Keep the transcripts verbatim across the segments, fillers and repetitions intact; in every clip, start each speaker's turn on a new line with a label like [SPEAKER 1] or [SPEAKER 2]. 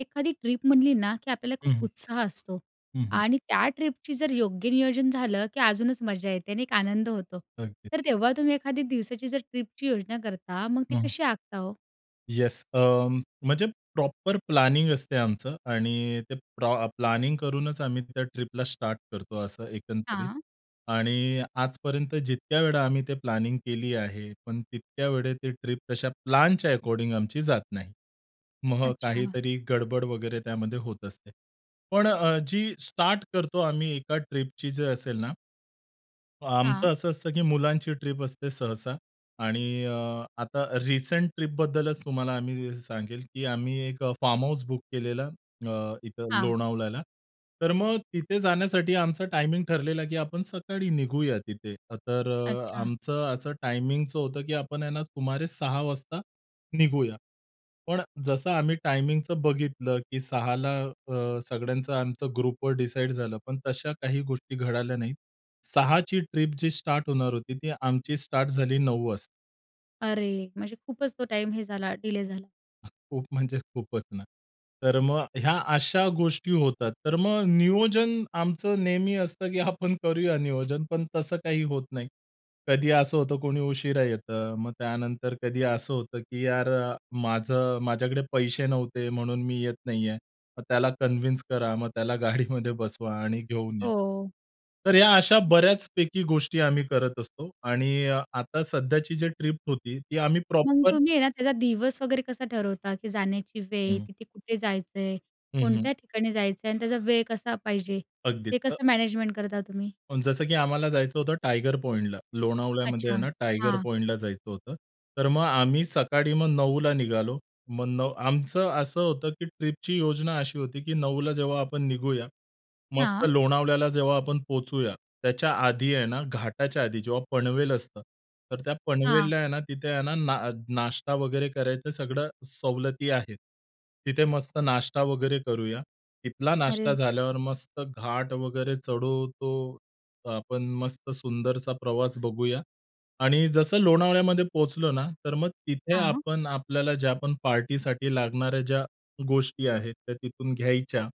[SPEAKER 1] एखादी ट्रिप म्हणली ना, की आपल्याला खूप
[SPEAKER 2] हं.
[SPEAKER 1] उत्साह असतो
[SPEAKER 2] हं, हं.
[SPEAKER 1] आणि त्या ट्रिपची जर योग्य नियोजन झालं, की अजूनच मजा येते नाही का आनंद होतो.
[SPEAKER 2] अगदी.
[SPEAKER 1] तर तेव्हा तुम्ही एखादी दिवसाची जर ट्रिपची योजना करता तर मग ती
[SPEAKER 2] हं.
[SPEAKER 1] कशी आखता हो?
[SPEAKER 2] येस अ, म्हणजे प्रॉपर प्लॅनिंग असते आमचं आणि ते प्र प्लॅनिंग करूनच आम्ही त्या ट्रिपला स्टार्ट करतो असं एकंदरीत.
[SPEAKER 1] हां.
[SPEAKER 2] आणि आजपर्यंत जितक्या वेळा आम्ही ते प्लॅनिंग केली आहे, पण तितक्या वेळेस ते ट्रिप तशा प्लॅनच्या एकॉर्डीन्ग आमची जात नाही. मग
[SPEAKER 1] अच्छा.
[SPEAKER 2] काहीतरी गडबड वगैरे त्यामध्ये होत असते. पण अ, जी स्टार्ट करतो आम्ही एका ट्रिपची जर असेल ना
[SPEAKER 1] हां.
[SPEAKER 2] आमचं असं असतं की मुलांची ट्रिप असते सहसा आणि अ, आता रिसेंट ट्रिपबद्दलच तुम्हाला आम्ही सांगेल, की आम्ही एक फार्म हाउस बुक केलेला, अ, इथं
[SPEAKER 1] हां.
[SPEAKER 2] लोणावळ्याला. तर मगं तिथे जाण्यासाठी आमचा टायमिंग ठरलेला की आपण सकाळी निघूया तिथे, तर अ,
[SPEAKER 1] अच्छा.
[SPEAKER 2] आमचं असं टायमिंगचं होतं, की आपण आहे ना सुमारे सहा वाजता निघूया. पण जसं आम्ही टायमिंगचं बघितलं की सहा ला अ, सगळ्यांचं आमचं ग्रुपवर डिसाईड झालं, पण तशा काही गोष्टी घडल्या नाहीत. सहा ची ट्रिप जी स्टार्ट होणार होती ती आमची स्टार्ट झाली नऊ वाजता.
[SPEAKER 1] अरे, म्हणजे खूपच तो टाईम हे झाला, डिले झाला.
[SPEAKER 2] खूप म्हणजे खूपच ना. तर मग ह्या अशा गोष्टी होतात. तर मग नियोजन आमचं नेहमी असतं की आपण करूया नियोजन. पण तसं काही होत नाही. कधी असं होतं कोणी उशिरा येतं. मग त्यानंतर कधी असं होतं की "यार अ, माझं माझ्याकडे पैसे नव्हते म्हणून मी येत नाहीये." मग त्याला कन्व्हिन्स करा मग त्याला गाडीमध्ये बसवा आणि घेऊन या.
[SPEAKER 1] हो.
[SPEAKER 2] तर या अशा बऱ्याचपैकी गोष्टी आम्ही करत असतो. आणि अ, आता सध्याची जी ट्रिप होती ती आम्ही
[SPEAKER 1] मग
[SPEAKER 2] प्रॉपर
[SPEAKER 1] तुम्ही आहे ना, त्याचा दिवस वगैरे कसा ठरवता की जाण्याची वेळ
[SPEAKER 2] हं.
[SPEAKER 1] तिथे कुठे जायचंय?
[SPEAKER 2] हं, हं.
[SPEAKER 1] कोणत्या ठिकाणी जायचं आहे? आणि त्याचा वेळ कसा पाहिजे
[SPEAKER 2] अगदी
[SPEAKER 1] ते
[SPEAKER 2] अ
[SPEAKER 1] कसं मॅनेजमेंट करता तुम्ही?
[SPEAKER 2] पण जसं की आम्हाला जायचं होतं टायगर पॉइंटला. लोणावळ्यामध्ये आहे
[SPEAKER 1] अच्छा!
[SPEAKER 2] ना, टायगर
[SPEAKER 1] हां.
[SPEAKER 2] पॉइंटला जायचं होतं. तर मग आम्ही सकाळी मग नऊला निघालो. मग नव आमचं असं होतं की ट्रिपची योजना अशी होती की नऊला जेव्हा आपण निघूया, मस्त
[SPEAKER 1] हां.
[SPEAKER 2] लोणावळ्याला जेव्हा आपण पोहोचूया त्याच्या आधी आहे ना, घाटाच्या आधी, जेव्हा पनवेल असतं तर त्या
[SPEAKER 1] हां.
[SPEAKER 2] पनवेलला आहे ना, तिथे आहे ना नाश्ता वगैरे करायचं सगळ्या सवलती आहेत. तिथे मस्त नाश्ता वगैरे करूया. तिथला नाश्ता
[SPEAKER 1] अरे.
[SPEAKER 2] झाल्यावर मस्त घाट वगैरे चढून तो आपण मस्त सुंदरसा प्रवास बघूया. आणि जसं लोणावळ्यामध्ये पोहोचलो ना, तर मग तिथे
[SPEAKER 1] हां.
[SPEAKER 2] आपण आपल्याला ज्या पण पार्टीसाठी लागणाऱ्या ज्या गोष्टी आहेत त्या तिथून घ्यायच्या.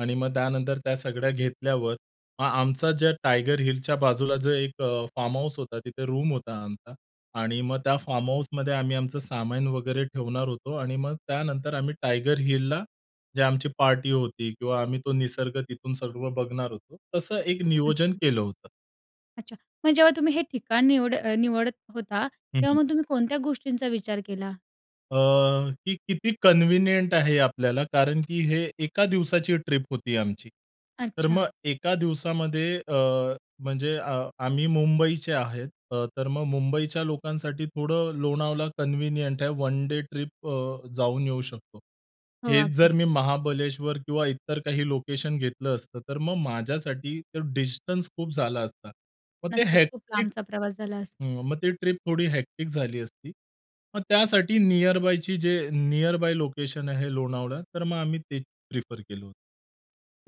[SPEAKER 2] आणि मग त्यानंतर त्या सगळ्या घेतल्यावर मग आमचा ज्या टायगर हिलच्या बाजूला जो एक अ, फार्महाउस होता तिथे रूम होता आमचा आणि मग त्या फार्महाउसमध्ये आम्ही आमचं सामान वगैरे ठेवणार होतो. आणि मग त्यानंतर आम्ही टायगर हिलला जे आमची पार्टी होती किंवा आम्ही तो निसर्ग तिथून सर्व बघणार होतो. तसं एक नियोजन
[SPEAKER 1] अच्छा!
[SPEAKER 2] केलं होतं.
[SPEAKER 1] अच्छा. मग जेव्हा तुम्ही हे ठिकाण निवड अ, निवडत होता,
[SPEAKER 2] हं,
[SPEAKER 1] तेव्हा
[SPEAKER 2] हं.
[SPEAKER 1] मग तुम्ही कोणत्या गोष्टींचा विचार केला?
[SPEAKER 2] अ, ती किती कन्व्हिनियंट आहे आपल्याला, कारण की हे एका दिवसाची ट्रिप होती आमची. तर मग
[SPEAKER 1] अच्छा.
[SPEAKER 2] एका दिवसामध्ये अ, म्हणजे अ आम्ही मुंबईचे आहेत. अ, तर मग मुंबईच्या लोकांसाठी थोडं लोणावळा कन्व्हिनियंट आहे. वन डे ट्रिप अ, जाऊन येऊ शकतो.
[SPEAKER 1] हो,
[SPEAKER 2] हेच जर,
[SPEAKER 1] अगदी.
[SPEAKER 2] मी महाबळेश्वर किंवा इतर काही लोकेशन घेतलं असतं, तर मग माझ्यासाठी तर डिस्टन्स खूप झाला असता. मग ते
[SPEAKER 1] नक्कीच. खूप
[SPEAKER 2] हेक्टिक
[SPEAKER 1] लांबचा प्रवास झाला अस
[SPEAKER 2] हं, मग ती ट्रिप थोडी हेक्टिक झाली असती. मग त्यासाठी निअरबायची जे निअरबाय लोकेशन आहे लोणावळा. तर मग आम्ही तेच प्रिफर केलं.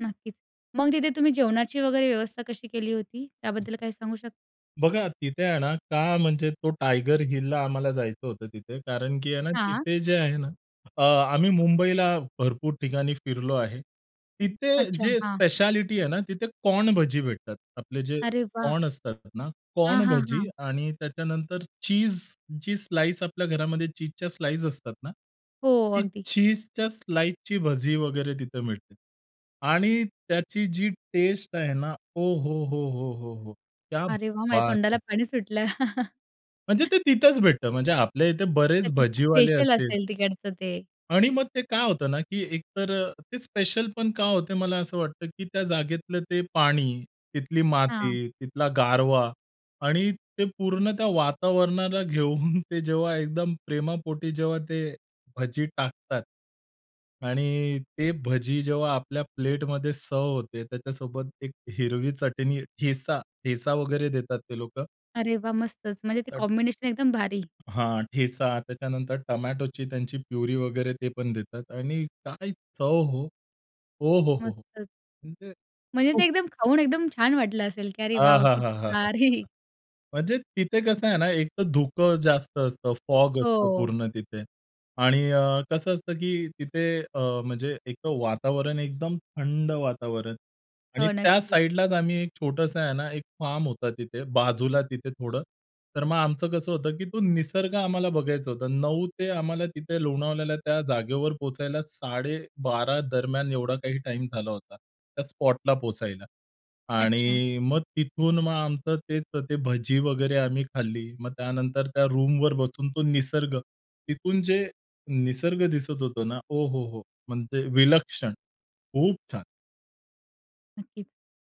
[SPEAKER 1] नक्कीच. मग तिथे तुम्ही जेवणाची वगैरे व्यवस्था कशी केली होती?
[SPEAKER 2] हं,
[SPEAKER 1] त्याबद्दल काही सांगू शक
[SPEAKER 2] बघा तिथे आहे ना, का म्हणजे तो टायगर हिलला आम्हाला जायचं होतं तिथे. कारण की आहे ना,
[SPEAKER 1] हां.
[SPEAKER 2] तिथे जे आहे ना अ, आम्ही मुंबईला भरपूर ठिकाणी फिरलो आहे. तिथे
[SPEAKER 1] अच्छा,
[SPEAKER 2] जे
[SPEAKER 1] हां.
[SPEAKER 2] स्पेशालिटी आहे ना, तिथे कॉर्न भजी भेटतात. आपले जे,
[SPEAKER 1] अरे वाह!
[SPEAKER 2] कॉर्न असतात ना,
[SPEAKER 1] हां,
[SPEAKER 2] कॉर्न
[SPEAKER 1] हां,
[SPEAKER 2] भजी
[SPEAKER 1] हां.
[SPEAKER 2] आणि त्याच्यानंतर चीझ जी स्लाइस, आपल्या घरामध्ये चीझच्या स्लाइस असतात ना.
[SPEAKER 1] हो,
[SPEAKER 2] ती
[SPEAKER 1] अगदी.
[SPEAKER 2] चीझच्या स्लाइसची भजी वगैरे तिथे मिळते. आणि त्याची जी टेस्ट आहे ना, ओहोहोहोहोहो! क्या
[SPEAKER 1] अरे वाह! माझ्या
[SPEAKER 2] बात
[SPEAKER 1] तोंडाला
[SPEAKER 2] है!
[SPEAKER 1] पाणी सुटलं.
[SPEAKER 2] म्हणजे ते तिथंच भेटतं. म्हणजे आपल्या इथे
[SPEAKER 1] ते
[SPEAKER 2] बरेच
[SPEAKER 1] तिथलं
[SPEAKER 2] भजीवाले
[SPEAKER 1] स्पेशल
[SPEAKER 2] असतील.
[SPEAKER 1] असेल, तिकडचं ते.
[SPEAKER 2] आणि मग ते काय होतं ना, की एकतर अ, ते स्पेशलपण का होते, मला असं वाटतं, की त्या जागेतलं ते पाणी, तिथली
[SPEAKER 1] हां.
[SPEAKER 2] माती, तिथला गारवा आणि ते पूर्ण त्या वातावरणाला घेऊन, ते जेव्हा एकदम प्रेमापोटी जेव्हा, ते भजी टाकतात. आणि ते भजी जेव्हा आपल्या प्लेटमध्ये सर्व्ह होते, त्याच्यासोबत एक हिरवी चटणी, ठेचा ठेचा वगैरे देतात ते लोकं.
[SPEAKER 1] अरे, वाह! मस्तच. म्हणजे ते
[SPEAKER 2] तर
[SPEAKER 1] कॉम्बिनेशन एकदम भारी.
[SPEAKER 2] हां, ठेचा, त्याच्यानंतर टोमॅटोची त्यांची प्युरी वगैरे ते पण देतात आणि काय चव हो. ओहोहोहो!
[SPEAKER 1] मस्तच.
[SPEAKER 2] म्हणजे
[SPEAKER 1] म्हणजे ते
[SPEAKER 2] खूप
[SPEAKER 1] एकदम खाऊन एकदम छान वाटलं असेल की "अरे वॉव! किती"
[SPEAKER 2] आहाहाहाहाहाहा!
[SPEAKER 1] "भारी."
[SPEAKER 2] म्हणजे तिथे कसं आहे ना एक तर धुकं जास्त असतं. फॉग असतं
[SPEAKER 1] हो.
[SPEAKER 2] पूर्ण तिथे आणि अ, कसं असतं की तिथे अ, म्हणजे एक वातावरण एकदम थंड वातावरण आणि
[SPEAKER 1] हो,
[SPEAKER 2] त्या
[SPEAKER 1] नक्कीच.
[SPEAKER 2] साइडलाच आम्ही एक छोटंसं आहे ना, एक फार्म होता तिथे बाजूला तिथे थोडं. तर मग आमचं कसं होतं की तो निसर्ग आम्हाला बघायचा होता. नऊ ते आम्हाला तिथे लोणावळ्याला त्या जागेवर पोहोचायला साडेबारा दरम्यान एवढा काही टाईम झाला होता, त्या स्पॉटला पोहोचायला
[SPEAKER 1] अच्छा.
[SPEAKER 2] आणि मग तिथून मग आमचं तेच ते भजी वगैरे आम्ही खाल्ली. मग त्यानंतर त्या रूमवर बसून तो निसर्ग, तिथून जे निसर्ग दिसत होता ना. ओहोहो! म्हणजे विलक्षण. खूप छान.
[SPEAKER 1] नक्कीच.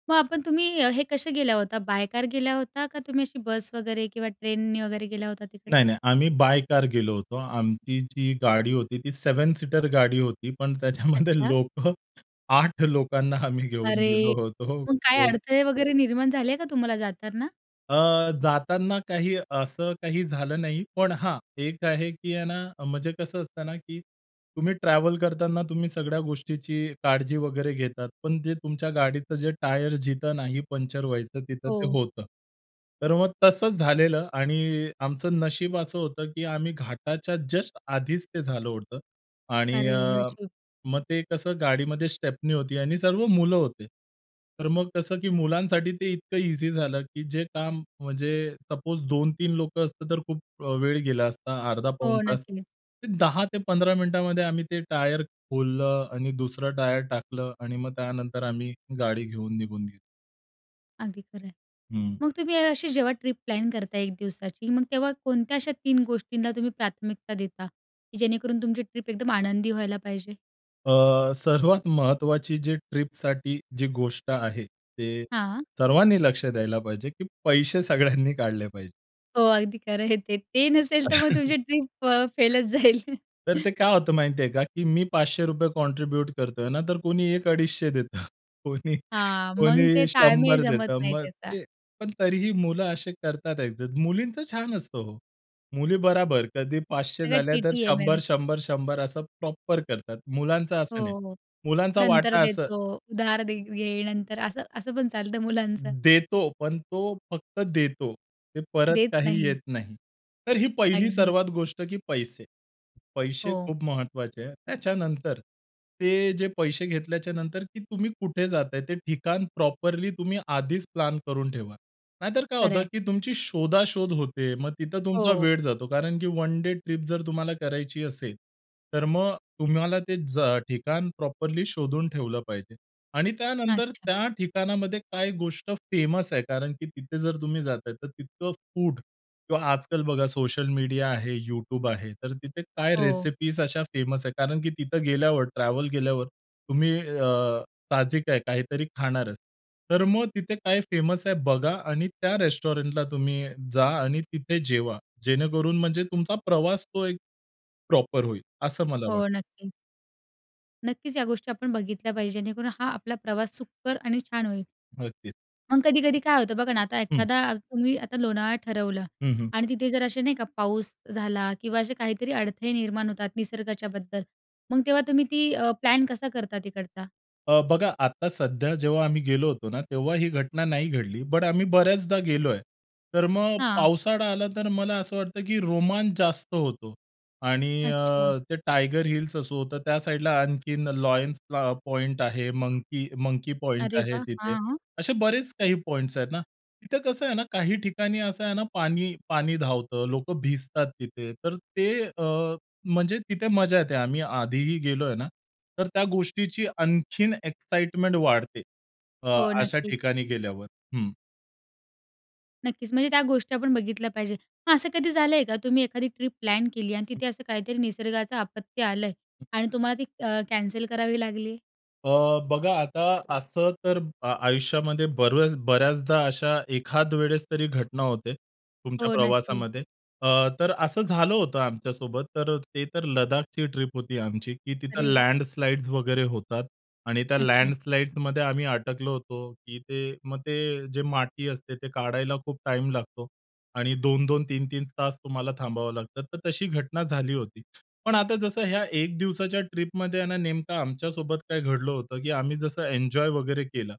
[SPEAKER 1] मग आपण तुम्ही हे कसे गेला होता? बाय कार गेला होता का तुम्ही, अशी बस वगैरे किंवा ट्रेननी वगैरे गेला होता तिकडे?
[SPEAKER 2] नाही नाही. आम्ही बाय कार गेलो होतो. आमची जी गाडी होती ती सेवेन सीटर गाडी होती. पण त्याच्यामध्ये
[SPEAKER 1] अच्छा.
[SPEAKER 2] लोकं आठ लोकांना आम्ही घेऊन
[SPEAKER 1] अरे,
[SPEAKER 2] गेलो होतो.
[SPEAKER 1] मग काय
[SPEAKER 2] [unintelligible]
[SPEAKER 1] अडथळे वगैरे निर्माण झाले का तुम्हाला जाताना?
[SPEAKER 2] अ, जाताना काही असं काही झालं नाही. पण हां, एक आहे की आहे ना, म्हणजे कसं असतं ना, की तुम्ही ट्रॅव्हल करताना तुम्ही सगळ्या गोष्टीची काळजी वगैरे घेतात. पण जे तुमच्या गाडीचं जे टायर जिथं नाही पंक्चर व्हायचं तिथं ते
[SPEAKER 1] हो.
[SPEAKER 2] होतं. तर मग तसंच झालेलं. आणि आमचं नशीब असं होतं की आम्ही घाटाच्या जस्ट आधीचं ते झालं होतं. आणि
[SPEAKER 1] अरे!
[SPEAKER 2] अ,
[SPEAKER 1] नशीब.
[SPEAKER 2] मग ते कसं गाडीमध्ये स्टेपनी होती आणि सर्व मुलं होते. तर मग कसं की मुलांसाठी ते इतकं ईझी झालं की जे काम म्हणजे सपोज दोन, तीन लोकं असतात तर खूप वेळ गेला असता. अर्धा पाऊण
[SPEAKER 1] हो,
[SPEAKER 2] तास,
[SPEAKER 1] नक्कीच.
[SPEAKER 2] ते दहा ते पंधरा मिनिटामध्ये आम्ही ते टायर खोललं आणि दुसरं टायर टाकलं. आणि मग त्यानंतर आम्ही गाडी घेऊन निघून गेलो.
[SPEAKER 1] अगदी खरं आहे.
[SPEAKER 2] हं.
[SPEAKER 1] मग तुम्ही अशी जेव्हा ट्रिप प्लॅन करता एक दिवसाची. मग तेव्हा कोणत्या अशा तीन गोष्टींना तुम्ही प्राथमिकता देता की जेणेकरून तुमची ट्रिप एकदम आनंदी व्हायला पाहिजे?
[SPEAKER 2] अ, सर्वात महत्वाची जी ट्रिपसाठी जी गोष्ट आहे, ते
[SPEAKER 1] हां.
[SPEAKER 2] सर्वांनी लक्ष द्यायला पाहिजे की पैसे सगळ्यांनी काढले पाहिजेत.
[SPEAKER 1] हो अगदी खरं आहे ते. ते नसेल, तर मग तुमची ट्रिप अ, फेलचं जाईल.
[SPEAKER 2] तर ते काय होतं माहिती आहे का, की मी पाचशे रुपये कॉन्ट्रिब्यूट करत आहे ना, तर कोणी एक अडीचशे देतं. कोणी
[SPEAKER 1] हां,
[SPEAKER 2] कोणी
[SPEAKER 1] मग ते ताळमेळ
[SPEAKER 2] शंभर
[SPEAKER 1] जमत
[SPEAKER 2] देतं
[SPEAKER 1] नाही
[SPEAKER 2] मग
[SPEAKER 1] त्याचा.
[SPEAKER 2] ते पण तरीही मुलं असे करतात ॲडजस्ट, मुलींचं छान असतं हो. मुली बराबर कधी पाचशे
[SPEAKER 1] सगळं
[SPEAKER 2] झालं, तर शंभर,
[SPEAKER 1] टी-टी-एम-एम.
[SPEAKER 2] शंभर, शंभर असं प्रॉपर करतात. मुलांचं
[SPEAKER 1] हो,
[SPEAKER 2] असं नाही.
[SPEAKER 1] हो.
[SPEAKER 2] मुलांचा
[SPEAKER 1] नंतर
[SPEAKER 2] वाटा असं
[SPEAKER 1] देतो, उधार दे-घे, नंतर असं असं पण चालतं मुलांचं.
[SPEAKER 2] देतो पण तो फक्त देतो. ते परत
[SPEAKER 1] देत
[SPEAKER 2] काही
[SPEAKER 1] नाही.
[SPEAKER 2] येत नाही. तर ही पहिली
[SPEAKER 1] अगदी.
[SPEAKER 2] सर्वात गोष्ट की पैसे. पैसे
[SPEAKER 1] हो.
[SPEAKER 2] खूप महत्त्वाचे आहेत. त्याच्यानंतर ते जे पैसे घेतल्याच्यानंतर की तुम्ही कुठे जात आहे ते ठिकाण प्रॉपरली तुम्ही आधीच प्लॅन करून ठेवा. नाहीतर काय
[SPEAKER 1] खरं
[SPEAKER 2] होतं,
[SPEAKER 1] आहे.
[SPEAKER 2] की तुमची शोधा-शोध होते. मग तिथं तुमचा
[SPEAKER 1] हो.
[SPEAKER 2] वेळ जातो कारण, की वन डे ट्रिप जर तुम्हाला करायची असेल, तर मग तुम्हाला ते ज ठिकाण प्रॉपरली शोधून ठेवलं पाहिजे. आणि त्यानंतर
[SPEAKER 1] अच्छा.
[SPEAKER 2] त्या ठिकाणामध्ये काय गोष्ट फेमस आहे कारण, की तिथे जर तुम्ही जात आहे, तर तितकं फूड किंवा आजकाल बघा सोशल मीडिया आहे, YouTube आहे. तर तिथे काय
[SPEAKER 1] हो.
[SPEAKER 2] रेसिपीज अशा फेमस आहे कारण, की तिथे गेल्यावर ट्रॅव्हल केल्यावर तुम्ही अ, ताजी काय काहीतरी खाणारच. तर मग तिथे काय फेमस आहे बघा आणि त्या रेस्टॉरंटला तुम्ही जा आणि तिथे जेवा. जेणेकरून म्हणजे तुमचा प्रवास तो एक प्रॉपर होईल असं मला वाटतं.
[SPEAKER 1] हो, नक्की. नक्कीचं. या गोष्टी आपण बघितल्या पाहिजे, जेणेकरून हा आपला प्रवास सुखकर आणि छान होईल.
[SPEAKER 2] नक्कीचं.
[SPEAKER 1] मग कधी-कधी काय होतं? बघा ना, आता
[SPEAKER 2] हं.
[SPEAKER 1] एखादा तुम्ही आता लोणावळा ठरवलं.
[SPEAKER 2] हं, हं.
[SPEAKER 1] आणि तिथे जर असे नाही का पाऊस झाला किंवा असे काहीतरी अडथळे निर्माण होतात निसर्गाच्याबद्दल. मग तेव्हा तुम्ही ती अ, प्लॅन कसा करता तिकडचा?
[SPEAKER 2] अ, बघा आता सध्या जेव्हा आम्ही गेलो होतो ना, तेव्हा ही घटना नाही घडली. बट आम्ही बऱ्याचदा गेलो आहे. तर मग
[SPEAKER 1] हां.
[SPEAKER 2] पावसाळा आला, तर मला असं वाटतं की रोमांच जास्त होतो. आणि
[SPEAKER 1] अच्छा.
[SPEAKER 2] अ, ते टायगर हिल्स असं होतं, त्या साइडला आणखीन लायन्स प्लॉ पॉइंट आहे, मंकी मंकी पॉइंट
[SPEAKER 1] अरे
[SPEAKER 2] आहे
[SPEAKER 1] वाह!
[SPEAKER 2] तिथे.
[SPEAKER 1] हां.
[SPEAKER 2] असे बरेचं काही पॉइंट्स आहेत ना. तिथे कसं आहे ना, काही ठिकाणी असं आहे ना पाणी पाणी धावतं, लोकं भिजतात तिथे. तर ते अ, म्हणजे तिथे मजा येते. आम्ही आधी ही गेलो आहे ना. तर त्या गोष्टीची आणखीन एक्साईटमेंट वाढते. अ,
[SPEAKER 1] हो,
[SPEAKER 2] अशा
[SPEAKER 1] नक्की.
[SPEAKER 2] ठिकाणी गेल्यावर. हं.
[SPEAKER 1] नक्कीचं. म्हणजे त्या गोष्टी आपण बघितल्या पाहिजे. मग असं कधी झालं आहे का? तुम्ही एखादी ट्रिप प्लॅन केली आणि तिथे असं काहीतरी निसर्गाचं आपत्ती आलं आहे आणि तुम्हाला ती अ, कॅन्सल करावी लागली आहे?
[SPEAKER 2] अ, बघा, आता असं तर अ, आयुष्यामध्ये बऱ्याच बऱ्याचदा अशा एखादवेळेस तरी घटना होते तुमच्या
[SPEAKER 1] हो, नक्की.
[SPEAKER 2] प्रवासामध्ये. अ, तर असं झालं होतं आमच्यासोबत. तर अ, ते तर लद्दाखची ट्रिप होती आमची, की तिथं
[SPEAKER 1] अरे वाह!
[SPEAKER 2] लँडस्लाइड्स वगैरे होतात. आणि त्या
[SPEAKER 1] अच्छा.
[SPEAKER 2] लँडस्लाइडमध्ये आम्ही अटकलो होतो. की ते मग ते जे माटी असते, ते काढायला खूप टाईम लागतो. आणि दोन दोन, तीन तीन तास तुम्हाला थांबावं लागतं, तर तशी घटना झाली होती. पण आता जसं ह्या एक दिवसाच्या ट्रिपमध्ये आहे ना, नेमकं आमच्यासोबत काय घडलं होतं, की आम्ही जसं एन्जॉय वगैरे केलं.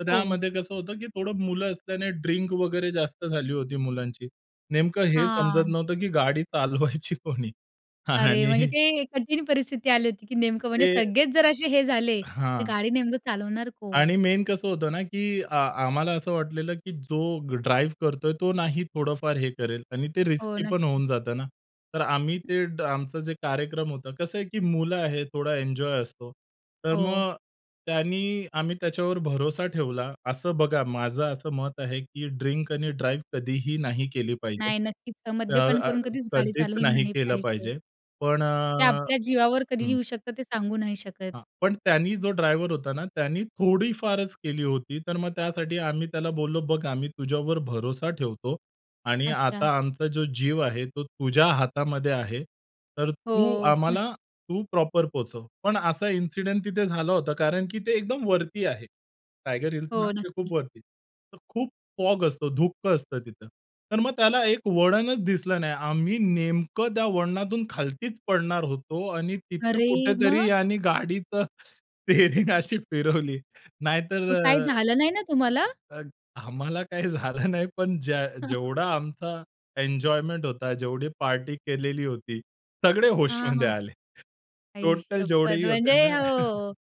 [SPEAKER 2] तर
[SPEAKER 1] हो.
[SPEAKER 2] त्यामध्ये कसं होतं, की थोडं मुलं असल्याने ड्रिंक वगैरे जास्त झाली होती मुलांची. नेमकं हे समजत
[SPEAKER 1] हां.
[SPEAKER 2] नव्हतं, की गाडी चालवायची कोणी
[SPEAKER 1] अरे, म्हणजे
[SPEAKER 2] आणि
[SPEAKER 1] ते कठीण परिस्थिती आली होती, की नेमकं म्हणजे
[SPEAKER 2] ते
[SPEAKER 1] सगळेच जर असे हे झाले, तर
[SPEAKER 2] हां.
[SPEAKER 1] गाडी नेमकं चालवणार कोण?
[SPEAKER 2] आणि मेन कसं होतं ना, की अ, आम्हाला असं वाटलेलं, की जो ड्राईव्ह करतोय, तो नाही थोडंफार हे करेल आणि ते
[SPEAKER 1] हो,
[SPEAKER 2] रिस्की पण
[SPEAKER 1] नक्की.
[SPEAKER 2] होऊन जातं ना. तर आम्ही
[SPEAKER 1] हं.
[SPEAKER 2] ते आमचं जे कार्यक्रम होतं, कसं आहे, की मुलं आहेत थोडा एन्जॉय असतो. तर
[SPEAKER 1] हो.
[SPEAKER 2] मग त्यांनी आम्ही त्याच्यावर भरोसा ठेवला. असं बघा माझं असं मत आहे, की ड्रिंक आणि ड्राइव्ह कधीही नाही केली पाहिजे.
[SPEAKER 1] नाही, नक्कीच.
[SPEAKER 2] अ
[SPEAKER 1] मद्यपान
[SPEAKER 2] अ
[SPEAKER 1] करून कधीच गाडी
[SPEAKER 2] कधीच
[SPEAKER 1] चालवली
[SPEAKER 2] नाही
[SPEAKER 1] नाही
[SPEAKER 2] केलं
[SPEAKER 1] पाहिजे.
[SPEAKER 2] पाहिजे. पण अ
[SPEAKER 1] ते आपल्या जीवावर कधी
[SPEAKER 2] हं.
[SPEAKER 1] येऊ शकतं ते सांगू नाही शकत.
[SPEAKER 2] हां, पण त्यानी जो ड्रायव्हर होता ना, त्याने थोडीफारच केली होती. तर मग त्यासाठी आम्ही त्याला बोललो, "बघ, आम्ही तुझ्यावर भरोसा ठेवतो आणि
[SPEAKER 1] अच्छा.
[SPEAKER 2] आता आमचा जो जीव आहे, तो तुझ्या हातामध्ये आहे, तर तू
[SPEAKER 1] हो.
[SPEAKER 2] आम्हाला तू प्रॉपर पोहोचव." पण असा इन्सिडेंट तिथे झाला होता, कारण की ते एकदम वरती आहे. टायगर हिल्स
[SPEAKER 1] हो,
[SPEAKER 2] ना, ते खूप
[SPEAKER 1] नक्की.
[SPEAKER 2] वरती. तर खूप फॉग असतो, धुकं असतं तिथं. तर मग त्याला एक वळणचं दिसलं नाही. आम्ही नेमकं त्या वळणातून खालतीचं पडणार होतो आणि तिथे
[SPEAKER 1] अरे!
[SPEAKER 2] कुठेतरी
[SPEAKER 1] मग?
[SPEAKER 2] याने गाडीच स्टीअरींग अशी फिरवली. नाहीतर
[SPEAKER 1] मग
[SPEAKER 2] अ
[SPEAKER 1] काही झालं नाही ना तुम्हाला?
[SPEAKER 2] अ, आम्हाला काही झालं नाही. पण ज्या जेवढा आमचा एन्जॉयमेंट होता, जेवढी पार्टी केलेली होती, सगळे
[SPEAKER 1] हां,
[SPEAKER 2] होशमध्ये
[SPEAKER 1] हां.
[SPEAKER 2] आले.
[SPEAKER 1] आई
[SPEAKER 2] टोटल
[SPEAKER 1] शप्पथ!
[SPEAKER 2] जेवढेही
[SPEAKER 1] म्हणजे
[SPEAKER 2] होते ना
[SPEAKER 1] हो.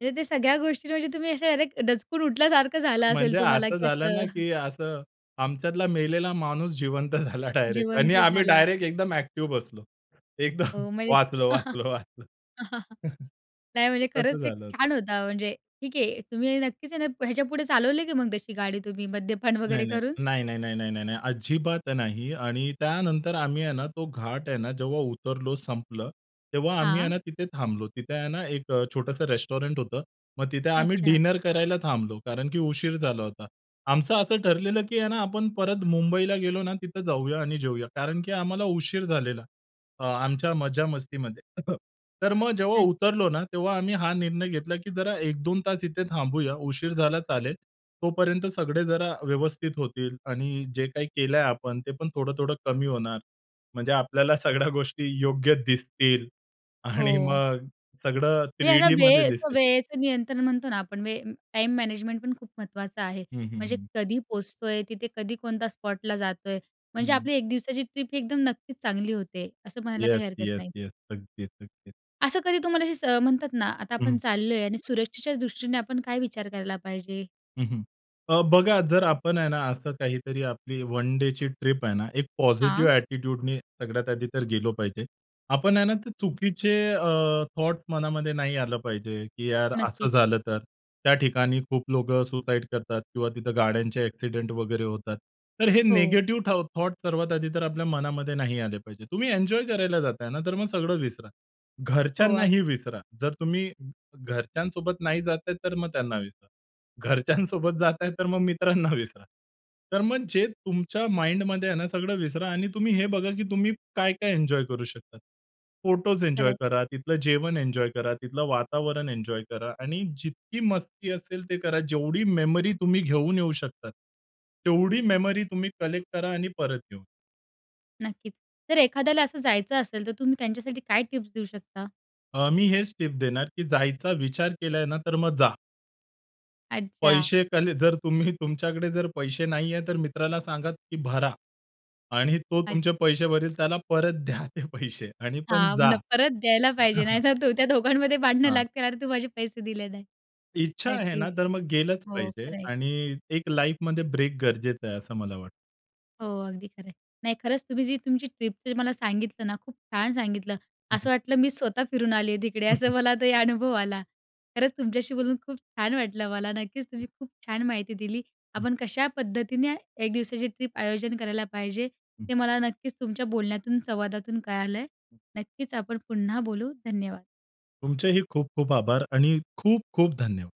[SPEAKER 1] म्हणजे ते सगळ्या गोष्टीत म्हणजे तुम्ही असे अरे दचकून उठल्यासारखं झालं
[SPEAKER 2] म्हणजे
[SPEAKER 1] असेल तुम्हाला
[SPEAKER 2] असं
[SPEAKER 1] की
[SPEAKER 2] झालं
[SPEAKER 1] असं
[SPEAKER 2] ना, की असं, आमच्यातला मेलेला माणूस जिवंत झाला डायरेक्ट. आणि
[SPEAKER 1] जिवंत
[SPEAKER 2] आम्ही
[SPEAKER 1] झाला.
[SPEAKER 2] डायरेक्ट एकदम ॲक्टिव्ह बसलो.
[SPEAKER 1] अ,
[SPEAKER 2] एकदम,
[SPEAKER 1] म्हणजे
[SPEAKER 2] "वाचलो, वाचलो, वाचलो."
[SPEAKER 1] नाही, म्हणजे खरंच
[SPEAKER 2] तसं
[SPEAKER 1] ते
[SPEAKER 2] झालं होतं.
[SPEAKER 1] छान होतं म्हणजे. ठीक आहे तुम्ही नक्कीच आहे ना, ह्याच्यापुढे चालवले की मग तशी गाडी तुम्ही मद्यपान
[SPEAKER 2] नाही
[SPEAKER 1] वगैरे
[SPEAKER 2] नाही.
[SPEAKER 1] करून.
[SPEAKER 2] नाही, नाही, नाही, नाही, नाही, नाही, अजिबात नाही. आणि त्यानंतर आम्ही आहे ना, तो घाट आहे ना, जेव्हा उतरलो, संपलं. तेव्हा आम्ही आहे
[SPEAKER 1] हां.
[SPEAKER 2] ना, तिथे थांबलो. तिथे आहे ना, एक अ, छोटंसं रेस्टॉरंट होतं. मग तिथे आम्ही
[SPEAKER 1] अच्छा.
[SPEAKER 2] डिनर करायला थांबलो, कारण की उशीर झाला होता. आमचं असं ठरलेलं, की ना आपण परत मुंबईला गेलो ना, तिथे जाऊया आणि जेऊया. कारण की आम्हाला उशीर झालेला. आ, आमच्या मजामस्तीमध्ये. तर मग जेव्हा
[SPEAKER 1] अच्छा.
[SPEAKER 2] उतरलो ना, तेव्हा आम्ही हा निर्णय घेतला, की जरा एक दोन तास इथे थांबूया. उशीर झाला चालेल. तोपर्यंत सगळे जरा व्यवस्थित होतील. आणि जे काही केलंय आपण, ते पण थोडं-थोडं कमी होणार. म्हणजे आपल्याला सगळ्या गोष्टी योग्य दिसतील. आणि
[SPEAKER 1] हो.
[SPEAKER 2] मग सगळं
[SPEAKER 1] म्हणजे ह्याला
[SPEAKER 2] थ्रीडी मध्ये
[SPEAKER 1] वेळ तो
[SPEAKER 2] दिसेल.
[SPEAKER 1] वेळेचं नियंत्रण म्हणतो ना आपण, वेळ टाईम मॅनेजमेंट पण खूप महत्त्वाचं आहे.
[SPEAKER 2] हं, हं,
[SPEAKER 1] म्हणजे
[SPEAKER 2] हं.
[SPEAKER 1] कधी पोहोचतोय? तिथे कधी कोणत्या स्पॉटला जातोय? म्हणजे
[SPEAKER 2] हं.
[SPEAKER 1] आपली एक दिवसाची ट्रिप एकदम नक्कीच चांगली होते, असं म्हणायला
[SPEAKER 2] येस,
[SPEAKER 1] काही हरकत
[SPEAKER 2] येस,
[SPEAKER 1] नाही.
[SPEAKER 2] येस. अगदीच, अगदीच.
[SPEAKER 1] असं कधी तुम्हाला सं म्हणतात ना, आता आपण
[SPEAKER 2] हं.
[SPEAKER 1] चाललो आहे. आणि सुरक्षेच्या दृष्टीने आपण काय विचार करायला पाहिजे?
[SPEAKER 2] हं, हं. अ, बघा जर आपण आहे ना, असं काहीतरी आपली वन डेची ट्रिप आहे ना, एक पॉझिटिव्ह
[SPEAKER 1] हां.
[SPEAKER 2] ऍटिट्यूड ने सगळ्यात आधी तर गेलो पाहिजे. आपण आहे ना, ते चुकीचे अ, थॉट्स मनामध्ये नाही आलं पाहिजे. की यार असं
[SPEAKER 1] नक्कीचं.
[SPEAKER 2] झालं, तर त्या ठिकाणी खूप लोकं सुसाईड करतात. किंवा तिथं गाड्यांचे ऍक्सिडेंट वगैरे होतात. तर हे
[SPEAKER 1] हो.
[SPEAKER 2] निगेटिव्ह थाउट् थॉट्स सर्वात आधी तर आपल्या मनामध्ये नाही आले पाहिजे. तुम्ही एन्जॉय करायला जाता आहे ना, तर मग सगळं विसरा.
[SPEAKER 1] हो, अग
[SPEAKER 2] घरच्यांनाही विसरा जर तुम्ही घरच्यांसोबत नाही जात आहे, तर मग त्यांना विसरा. घरच्यांसोबत जाता आहे, तर मग मित्रांना विसरा. तर मग जे तुमच्या माइंडमध्ये आहे ना, सगळं विसरा. आणि तुम्ही हे बघा, की तुम्ही काय-काय एन्जॉय करू शकता? फोटोस
[SPEAKER 1] खरं
[SPEAKER 2] एन्जॉय
[SPEAKER 1] आहे.
[SPEAKER 2] करा, तिथलं जेवण एन्जॉय करा, तिथलं वातावरण एन्जॉय करा आणि जितकी मस्ती असेल ते करा. जेवढी मेमरी तुम्ही घेऊन येऊ शकता. तेवढी मेमरी तुम्ही कलेक्ट करा आणि परत घेऊन
[SPEAKER 1] नक्कीच. तर एखाद्याला असं जायचं असेल, तर तुम्ही त्यांच्यासाठी काय टिप्स देऊ शकता?
[SPEAKER 2] अ, मी हेच टिप देणार, की जायचा विचार केला आहे ना? तर मग जा.
[SPEAKER 1] अच्छा.
[SPEAKER 2] पैसे कले जर तुम्ही तुमच्याकडे जर पैसे नाही आहे, तर मित्राला सांगा की भरा. आणि तो
[SPEAKER 1] अच्
[SPEAKER 2] तुमचे पैसे भरेल. त्याला परत द्या ते पैसे आणि पण
[SPEAKER 1] हां,
[SPEAKER 2] जा.
[SPEAKER 1] न परत द्यायला पाहिजे नाही तर, तो त्या दोघांमध्ये भांडणं
[SPEAKER 2] हां.
[SPEAKER 1] लागतील, "अरे! तू माझे पैसे दिले नाही."
[SPEAKER 2] इच्छा आहे ना,
[SPEAKER 1] नक्कीच.
[SPEAKER 2] तर मग गेलंच
[SPEAKER 1] हो
[SPEAKER 2] पाहिजे.
[SPEAKER 1] खरं आहे.
[SPEAKER 2] आणि एक लाईफमध्ये ब्रेक गरजेचं आहे. असं मला वाटतं.
[SPEAKER 1] हो, अगदी खरं आहे. नाही खरंच तुम्ही जी तुमची ट्रिपचं मला सांगितलं ना, खूप छान सांगितलं.
[SPEAKER 2] हं, हं.
[SPEAKER 1] असं वाटलं मी स्वतः फिरून आली आहे तिकडे असं मला ते अनुभव आला. खरंच तुमच्याशी बोलून खूप छान वाटलं मला. नक्कीच. तुम्ही खूप छान माहिती दिली.
[SPEAKER 2] हं.
[SPEAKER 1] आपण कशा पद्धतीने एक दिवसाची ट्रिप आयोजन करायला पाहिजे.
[SPEAKER 2] हं.
[SPEAKER 1] ते मला नक्कीच तुमच्या बोलण्यातून, संवादातून कळालं आहे.
[SPEAKER 2] हं.
[SPEAKER 1] नक्कीच आपण पुन्हा बोलू. धन्यवाद.
[SPEAKER 2] तुमचेही खूप, खूप आभार. आणि खूप, खूप धन्यवाद.